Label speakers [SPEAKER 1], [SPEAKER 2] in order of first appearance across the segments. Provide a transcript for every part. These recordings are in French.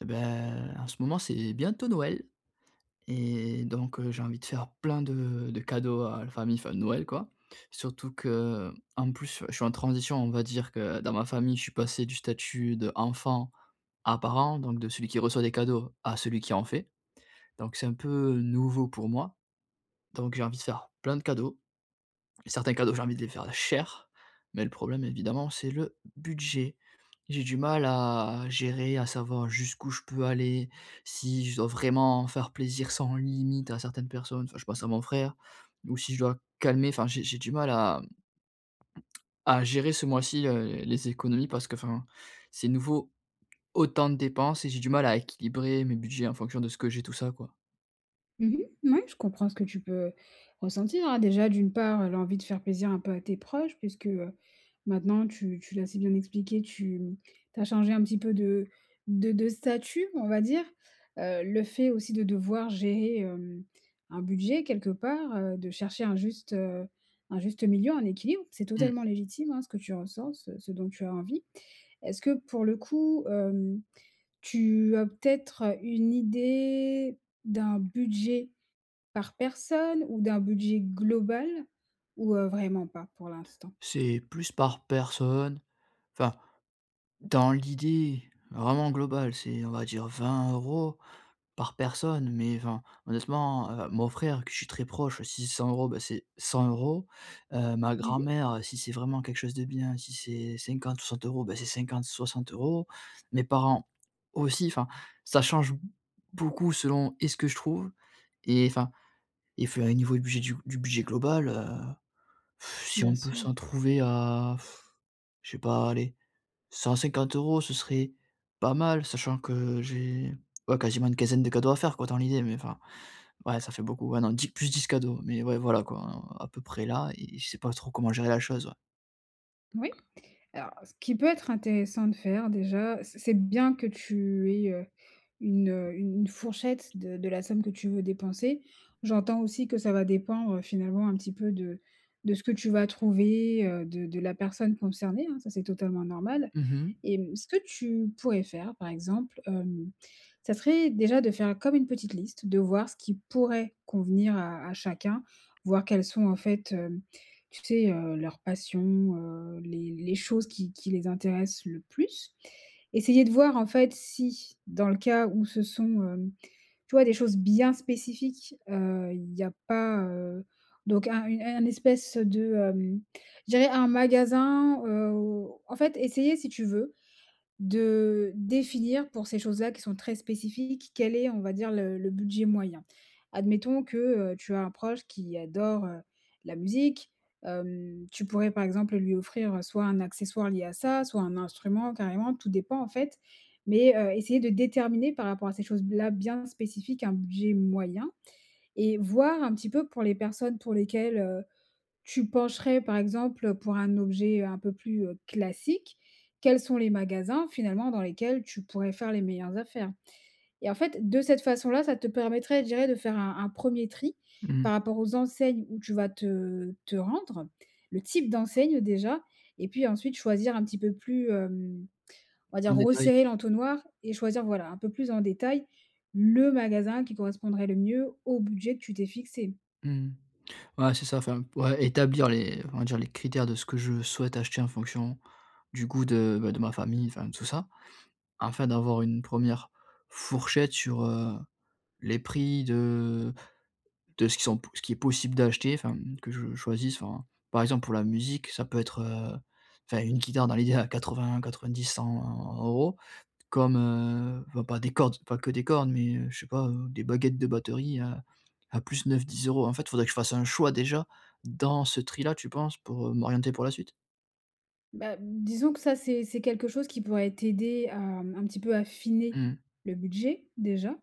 [SPEAKER 1] Et beh, en ce moment, c'est bientôt Noël et donc, heu, j'ai envie de faire plein de de cadeaux à la famille. Enfin, Noël quoi. Surtout que, en plus, je suis en transition. On va dire que dans ma famille, je suis passé du statut d'enfant à parent donc de celui qui reçoit des cadeaux à celui qui en fait. Donc c'est un peu nouveau pour moi. Donc j'ai envie de faire plein de cadeaux et certains cadeaux, j'ai envie de les faire cher mais le problème évidemment c'est le budget. J'ai du mal à à gérer, à savoir jusqu'où je peux aller, si je dois vraiment faire plaisir sans limite à certaines personnes enfin, je pense à mon frère. Ou si je dois calmer. Enfin j'ai j'ai du mal à à gérer ce mois-ci, heu, les économies parce que, enfin, c'est nouveau, autant de dépenses et j'ai du mal à équilibrer mes budgets en fonction de ce que j'ai, tout ça quoi.
[SPEAKER 2] Mmh mh. Mouais, je comprends ce que tu peux, ressentir. Déjà, d'une part, heu, l'envie de faire plaisir un peu à tes proches puisque, heu, maintenant tu tu l'as si bien expliqué, tu tu as changé un petit peu de de de statut, on va dire. Heu, le fait aussi de devoir gérer, hem, un budget quelque part, heu, de chercher un juste, heu, un juste milieu, un équilibre, c'est
[SPEAKER 1] Mmh.
[SPEAKER 2] totalement légitime, hein, ce que tu ressens, ce, ce dont tu as envie. Est-ce que, pour le coup, hem, tu as peut-être une idée d'un budget par personne ou d'un budget global, ou, heu, vraiment pas pour l'instant?
[SPEAKER 1] C'est plus par personne. Enfin, dans l'idée, vraiment globale, c'est, on va dire 20 € par personne, mais enfin, honnêtement, heu, mon frère que je suis très proche, si c'est 100 €, beh, c'est 100 €, heu, ma
[SPEAKER 2] Mmh mh.
[SPEAKER 1] grand-mère, si c'est vraiment quelque chose de bien, si c'est 50 ou 60 €, beh, c'est 50-60 €. Mes parents, aussi, enfin, ça change beaucoup selon et ce que je trouve et enfin, et enfin niveau et budget, du bud du budget global, heu, si
[SPEAKER 2] Bien
[SPEAKER 1] on peut
[SPEAKER 2] sûr.
[SPEAKER 1] s'en trouver à, je sais pas, allez, 150 € ce serait, pas mal, sachant que j'ai ouais, quasiment une quinzaine de cadeaux à faire quoi dans l'idée mais enfin. Ouais, ça fait beaucoup. Ouais, non, plus 10 cadeaux mais ouais, voilà, quoi, à peu près là et je sais pas trop comment gérer la chose, ouais.
[SPEAKER 2] Moui. Alors ce qui peut être intéressant de faire déjà, c'est c'est de bien que tu aies, heu, une u une fourchette de de la somme que tu veux dépenser. J'entends aussi que ça va dépendre finalement un petit peu de de ce que tu vas trouver, heu, de de la personne concernée, hein, ça c'est totalement normal.
[SPEAKER 1] Mmh mh.
[SPEAKER 2] Et mmh, ce que tu pourrais faire, par exemple, hem, ça serait déjà de faire comme une petite liste. De voir ce qui pourrait convenir à, à chacun, voir quelles sont en fait heu, tu sais, heu, leurs passions, heu, les les choses qui qui les intéressent le plus. Essayer de voir en fait si, dans le cas où ce sont, hem, tu vois, des choses bien spécifiques. Heu, il y a pas, heu, donc un une un espèce de, hem, je dirais un magasin, heu, où, en fait, essayer si tu veux de définir pour ces choses-là, qui sont très spécifiques, quel est, on va dire, le le budget moyen. Admettons que, heu, tu as un proche qui adore, heu, la musique, hem, tu pourrais par exemple lui offrir soit un accessoire lié à ça, soit un instrument, carrément. Tout dépend, en fait, mais, heu, essayer de déterminer par rapport à ces choses-là bien spécifiques un budget moyen et voir un petit peu pour les personnes pour lesquelles, heu, tu pencherais par exemple pour un objet un peu plus, heu, classique. Quels sont les magasins finalement dans lesquels tu pourrais faire les meilleures affaires. Et en fait, de cette façon là, ça te permettrait, je dirais, de faire un un 1er tri
[SPEAKER 1] Mmh.
[SPEAKER 2] par rapport aux enseignes où tu vas te te rendre. Le type d'enseigne déjà et puis ensuite choisir un petit peu plus, hem, on va
[SPEAKER 1] En
[SPEAKER 2] dire
[SPEAKER 1] détail.
[SPEAKER 2] resserrer l'entonnoir et choisir, voilà, un peu plus en détail le magasin qui correspondrait le mieux au budget que tu t'es fixé.
[SPEAKER 1] Mmh. Ouais c'est ça. Enfin, ouais, établir les, on va dire les critères de ce que je souhaite acheter en fonction du goût de, ben, de ma famille, enfin tout ça. Enfin d'avoir une 1re, fourchette sur, heu, les prix de de ce qui sont p ce qu'il est possible d'acheter, enfin que je choisisse, enfin, par exemple, pour la musique, ça peut être, heu, enfin une guitare dans l'idée, à 80-90-100 €. Comme, heu, enfin, pas des cordes, pas que des cordes, mais, heu, je sais pas, heu, des baguettes de batterie à, à plus 9-10 €. En fait, il faudrait que je fasse un choix déjà dans ce tri là, tu penses, pour heu, m'orienter pour la suite?
[SPEAKER 2] Bah, disons que ça c'est c'est quelque chose qui pourrait t'aider à, mmh, un petit peu
[SPEAKER 1] Mmh
[SPEAKER 2] affiner,
[SPEAKER 1] mh.
[SPEAKER 2] le budget, déjà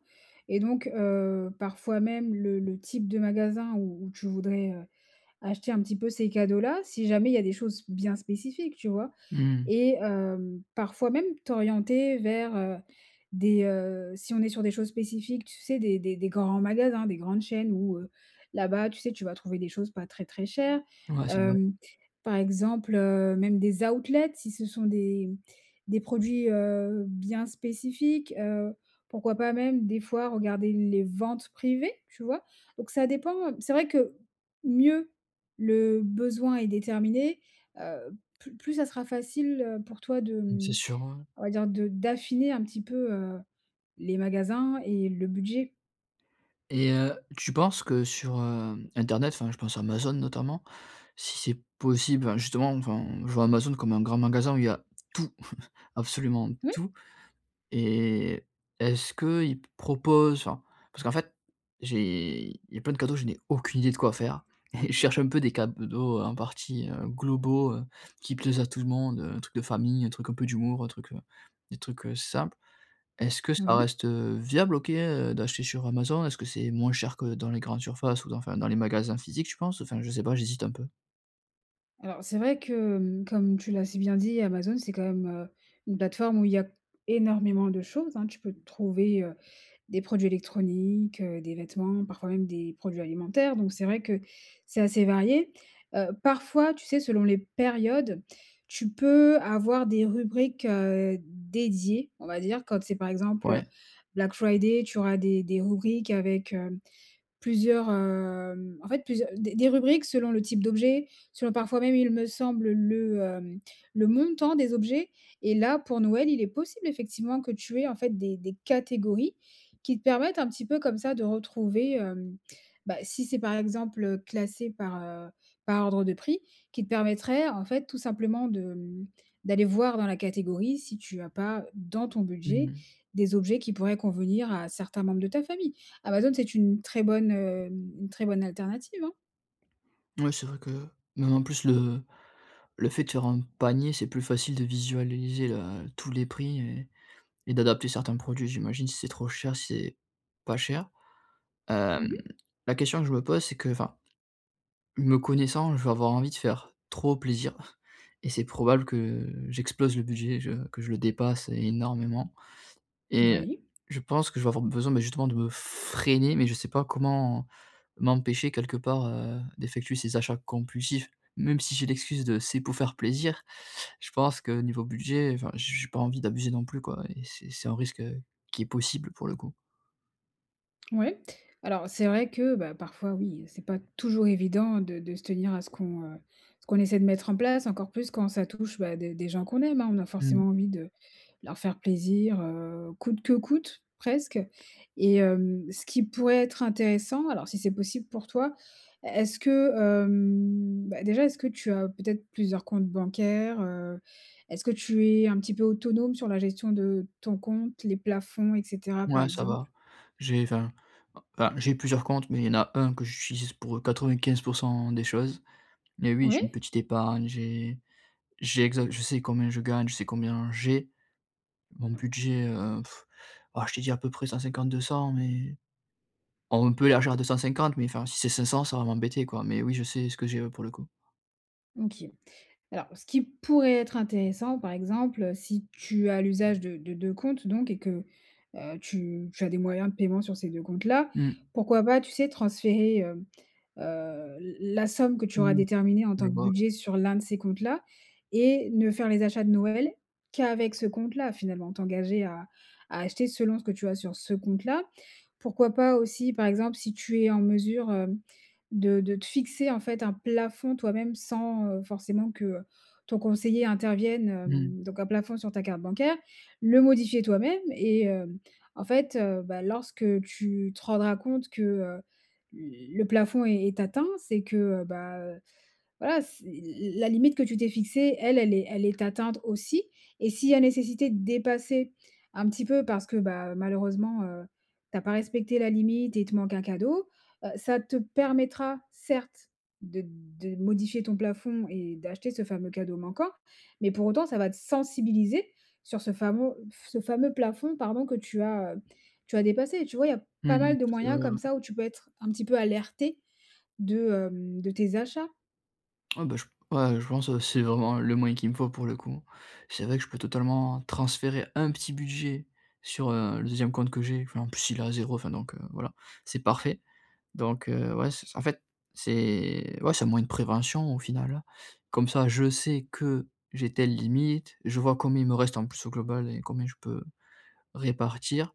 [SPEAKER 2] et donc, heu, parfois même le le type de magasin où où tu voudrais, heu, acheter un petit peu ces cadeaux-là si jamais il y a des choses bien spécifiques, tu vois?
[SPEAKER 1] Mmh.
[SPEAKER 2] Et, hem, parfois même t'orienter vers, heu, des, heu, si on est sur des choses spécifiques, tu sais? Des des des grands magasins, des grandes chaînes, où, heu, là-bas tu sais tu vas trouver des choses pas très, très chères.
[SPEAKER 1] Ouais c'est vrai.
[SPEAKER 2] Hem, par exemple, heu, même des outlets si ce sont des des produits, heu, bien spécifiques. Heu, pourquoi pas même des fois regarder les ventes privées, tu vois? Donc ça dépend, heu, c'est vrai que mieux le besoin est déterminé, heu, plus plus ça sera facile, heu, pour toi de,
[SPEAKER 1] Mmh c'est
[SPEAKER 2] mmh,
[SPEAKER 1] sûr, ouais ouais.
[SPEAKER 2] on va dire de d'affiner un petit peu, heu, les magasins et le budget.
[SPEAKER 1] Et heu, tu penses que sur, hem, internet, enfin je pense à Amazon notamment, si c'est possible enfin, justement, enfin je vois Amazon comme un grand magasin où il y a tout, absolument
[SPEAKER 2] Oui.
[SPEAKER 1] tout et est-ce qu'ils proposent enfin, parce qu'en fait, j'ai il y a plein de cadeaux je n'ai aucune idée de quoi faire et je cherche un peu des cadeaux en partie, heu, globaux, heu, qui plaisent à tout le monde, heu, un truc de famille, un truc un peu d'humour, un truc, heu, des trucs, heu, simples. Est-ce que ça
[SPEAKER 2] Oui.
[SPEAKER 1] reste, heu, viable OK, heu, d'acheter sur Amazon? Est-ce que c'est moins cher que dans les grandes surfaces ou dans enfin dans les magasins physiques tu penses? Enfin je sais pas j'hésite un peu.
[SPEAKER 2] Alors c'est vrai que, mmh, comme tu l'as si bien dit Amazon c'est quand même, heu, une plateforme où il y a énormément de choses, hein. Tu peux trouver, heu, des produits électroniques, heu, des vêtements, parfois même des produits alimentaires. Donc c'est vrai que c'est assez varié, heu, parfois tu sais selon les périodes, tu peux avoir des rubriques, heu, dédiées, on va dire, quand c'est par exemple
[SPEAKER 1] Ouais.
[SPEAKER 2] Black Friday tu auras des des rubriques avec, hem, plusieurs, hem, en fait plusieurs des des rubriques selon le type d'objet, selon parfois même il me semble le, hem, le montant des objets et là pour Noël il est possible effectivement que tu aies en fait des des catégories qui te permettent un petit peu comme ça de retrouver, hem, bah, si c'est par exemple, heu, classé par, heu, par ordre de prix, qui te permettraient en fait tout simplement de, mmh, d'aller voir dans la catégorie si tu as pas, dans ton
[SPEAKER 1] Mmh
[SPEAKER 2] budget,
[SPEAKER 1] mh.
[SPEAKER 2] des objets qui pourraient convenir à certains membres de ta famille. Amazon c'est une très bonne, hem, une très bonne alternative, hein.
[SPEAKER 1] Ouais c'est vrai que même en plus, le le fait de faire un panier, c'est plus facile de visualiser, le tous les prix et et d'adapter certains produits j'imagine, si c'est trop cher, si c'est pas cher. Hem,
[SPEAKER 2] Mmh mh.
[SPEAKER 1] la question que je me pose, c'est que, enfin, me connaissant je vais avoir envie de faire trop plaisir et c'est probable que j'explose le budget, je que je le dépasse énormément. Et
[SPEAKER 2] Oui.
[SPEAKER 1] je pense que je vais avoir besoin mais justement de me freiner mais je sais pas comment m'empêcher quelque part, heu, d'effectuer ces achats compulsifs? Même si j'ai l'excuse de c'est pour faire plaisir, je pense que niveau budget, enfin, j j'ai pas envie d'abuser non plus quoi et c'est c'est un risque qui est possible pour le coup.
[SPEAKER 2] Oui. Alors, c'est vrai que, bah, parfois oui, c'est pas toujours évident de de se tenir à ce qu'on, heu ce qu'on essaie de mettre en place encore plus quand ça touche bah des des gens qu'on aime hein, on a
[SPEAKER 1] Mmh.
[SPEAKER 2] forcément envie de leur faire plaisir heu coûte que coûte presque et hem, ce qui pourrait être intéressant alors si c'est possible pour toi, est-ce que, hem beh déjà est-ce que tu as peut-être plusieurs comptes bancaires? Heu est-ce que tu es un petit peu autonome sur la gestion de ton compte, les plafonds et cetera par
[SPEAKER 1] Ouais ça
[SPEAKER 2] exemple?
[SPEAKER 1] va. J'ai enfin, bah j'ai plusieurs comptes, mais il y en a un que j'utilise pour 95 % des choses. Mais oui, j'ai une
[SPEAKER 2] Oui.
[SPEAKER 1] petite épargne, j'ai j'ai exa je sais combien je gagne, je sais combien j'ai, mon budget heu ah je te dis à peu près 150-200 mais on peut élargir à 250 mais enfin, si c'est 500 ça va m'embêter quoi, mais oui, je sais ce que j'ai, ouais, pour le coup.
[SPEAKER 2] OK. Alors, ce qui pourrait être intéressant par exemple, heu, si tu as l'usage de de 2 comptes donc et que, heu tu tu as des moyens de paiement sur ces 2 comptes là,
[SPEAKER 1] Mmh.
[SPEAKER 2] pourquoi pas, tu sais transférer, hem, heu, la la somme que tu auras
[SPEAKER 1] Mmh.
[SPEAKER 2] déterminée en
[SPEAKER 1] Je
[SPEAKER 2] tant que
[SPEAKER 1] vois.
[SPEAKER 2] budget sur l'un de ces comptes-là et ne faire les achats de Noël qu'avec ce compte-là finalement? T'engager à à acheter selon ce que tu as sur ce compte là. Pourquoi pas, aussi par exemple si tu es en mesure hem de de te fixer en fait un plafond toi-même, sans, heu, forcément que, heu, ton conseiller intervienne.
[SPEAKER 1] Mmh.
[SPEAKER 2] Hem donc un plafond sur ta carte bancaire. Le modifier toi-même et hem en fait, heu, bah, lorsque tu te rendras compte que heu le plafond est est atteint, c'est que, heu, bah, heu, voilà, c'est l la la limite que tu t'es fixée, elle elle est elle est atteinte aussi. Et s'il y a nécessité de dépasser, un petit peu, parce que, bah, heu, malheureusement, heu, tu as pas respecté la limite et tu manques un cadeau, heu, ça te permettra, certes, de de modifier ton plafond et d'acheter ce fameux cadeau manquant, mais pour autant ça va te sensibiliser sur, ce famo ce fameux plafond pardon que, tu as tu as dépassé, tu vois? Il y a
[SPEAKER 1] Mmh
[SPEAKER 2] pas
[SPEAKER 1] mh,
[SPEAKER 2] mal de
[SPEAKER 1] c'est
[SPEAKER 2] moyens
[SPEAKER 1] vrai ouais.
[SPEAKER 2] comme ça où tu peux être un petit peu alerté, de hem, de tes achats.
[SPEAKER 1] Ah bah, je ouais, je pense c'est vraiment le moyen qu'il me faut, pour le coup. C'est vrai que je peux totalement transférer un petit budget sur, heu, le 2e compte que j'ai. Enfin en plus, il est à 0 enfin donc voilà, c'est parfait! Donc, heu, ouais, c'est, c en fait c'est ouais, c'est un moyen de prévention, au final. Comme ça, je sais que, j'ai telle limite, je vois combien il me reste en plus, au global, et combien je peux répartir.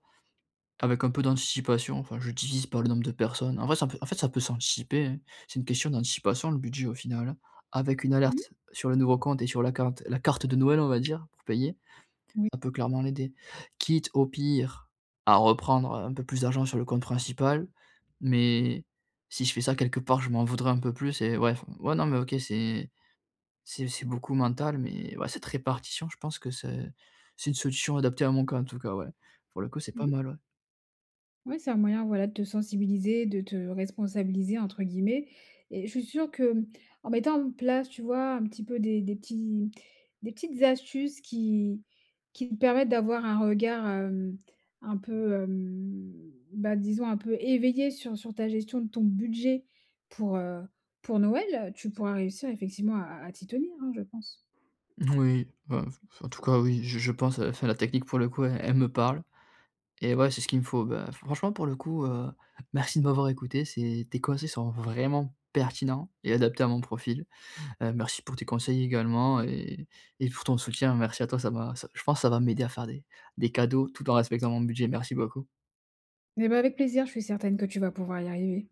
[SPEAKER 1] Avec un peu d'anticipation, enfin je divise par le nombre de personnes. En vrai ça peut en fait ça peut s'anticiper hein, c'est une question d'anticipation, le budget, au final. Avec une
[SPEAKER 2] Mmh.
[SPEAKER 1] alerte sur le nouveau compte et sur la cante la carte de Noël on va dire pour payer,
[SPEAKER 2] Oui.
[SPEAKER 1] ça peut clairement l'aider. Quitte, au pire, à reprendre, heu, un peu plus d'argent sur le compte principal, mais si je fais ça, quelque part je m'en voudrais un peu plus et ouais enfin. Ouais, non mais OK c'est c'est c'est beaucoup mental, mais ouais, cette répartition, je pense que c'est c'est une solution adaptée à mon cas, en tout cas, ouais! Pour le coup, c'est pas
[SPEAKER 2] Mmh.
[SPEAKER 1] mal, ouais.
[SPEAKER 2] Ouais, c'est un moyen, voilà, te sensibiliser, de te responsabiliser, entre guillemets, et je suis sûr que, mmh, en mettant en place, tu vois, un petit peu des des petits des petites astuces, qui qui te permettent d'avoir un regard, hem, un peu hem, bah disons un peu éveillé. Sur sur ta gestion de ton budget, pour, heu, pour Noël. Tu pourras réussir effectivement à à à t'y tenir hein, je pense.
[SPEAKER 1] Moui, bah, f f en tout cas oui, je je pense, enfin la technique pour le coup, e elle me parle, et ouais, c'est ce qu'il me faut. Bah franchement pour le coup, heu, merci de m'avoir écouté. c'est tes conseils sont vraiment pertinents et adaptés à mon profil! Heu, merci pour tes conseils également et et pour ton soutien. Merci à toi, ça m'a je pense, ça va m'aider à faire des des cadeaux, tout en respectant mon budget. Merci beaucoup.
[SPEAKER 2] Mais bah, avec plaisir, je suis certaine que tu vas pouvoir y arriver.